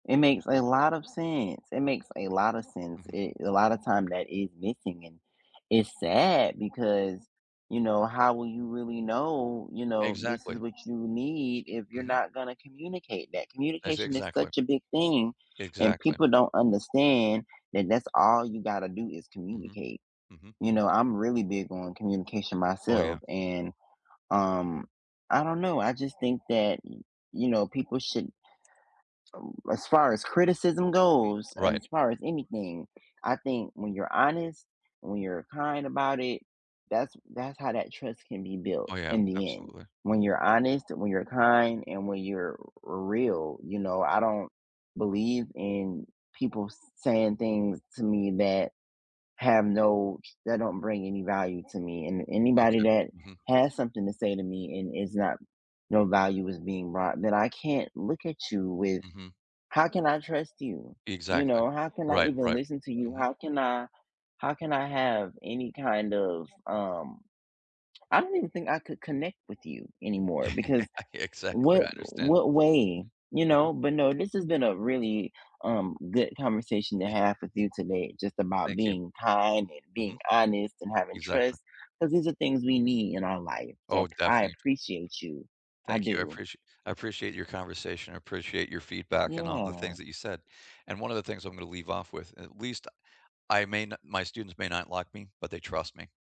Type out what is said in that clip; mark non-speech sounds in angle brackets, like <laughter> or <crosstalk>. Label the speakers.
Speaker 1: It makes a lot of sense. It makes a lotta sense.
Speaker 2: Mhm.
Speaker 1: Eh, a lotta time that is missing and it's sad because, you know, how will you really know, you know, this is
Speaker 2: Exactly.
Speaker 1: what you need if you're
Speaker 2: Mhm.
Speaker 1: not gonna communicate that,
Speaker 2: Ex
Speaker 1: communication is
Speaker 2: exactly.
Speaker 1: such a big thing and
Speaker 2: Exactly.
Speaker 1: people don't understand that that's all you gotta do is
Speaker 2: Mhm.
Speaker 1: communicate.
Speaker 2: Mhm.
Speaker 1: You know, I'm really big on communication
Speaker 2: Oh
Speaker 1: myself
Speaker 2: yeah.
Speaker 1: and, um, I don't know, I just think that, y you know, people should ooh, as far as criticism
Speaker 2: Mhm.
Speaker 1: goes, and
Speaker 2: Right.
Speaker 1: as far as anything, I think when you're honest, when you're kind about it, that's that's how that trust can be built
Speaker 2: Oh yeah,
Speaker 1: in the end.
Speaker 2: absolutely.
Speaker 1: When you're honest, when you're kind, and when you're r real, you know, I don't believe in people s saying things to me that have no that don't bring any value to me. And anybody
Speaker 2: Okay.
Speaker 1: that
Speaker 2: Mhm.
Speaker 1: has something to say to me and is not no value is being brought, then I can't look at you with
Speaker 2: Mhm.
Speaker 1: "How can I trust you?" You
Speaker 2: Exactly.
Speaker 1: know, "How can I
Speaker 2: Right,
Speaker 1: even
Speaker 2: right.
Speaker 1: listen to you?
Speaker 2: Mhm.
Speaker 1: How can I how can I have any kind of, um, I don't even think I could connect with you anymore," because
Speaker 2: <chuckles> Yeah. exactly.
Speaker 1: what
Speaker 2: I understand.
Speaker 1: what way, you
Speaker 2: Mhm.
Speaker 1: know, but no, this has been a really, um, good conversation to
Speaker 2: <chuckles>
Speaker 1: have with you today, just about
Speaker 2: Thank you.
Speaker 1: being kind and being
Speaker 2: Mhm.
Speaker 1: honest and having
Speaker 2: Exactly.
Speaker 1: trust, 'cause these are things we need in our life, so
Speaker 2: Oh,
Speaker 1: I
Speaker 2: definitely.
Speaker 1: appreciate you. I
Speaker 2: Thank you, I
Speaker 1: do.
Speaker 2: apprecia I appreciate your conversation. I appreciate your feedback and all the things
Speaker 1: Yeah.
Speaker 2: that you said. And one of the things I'm gonna leave off with, at least I may not my students may not like me, but they trust me.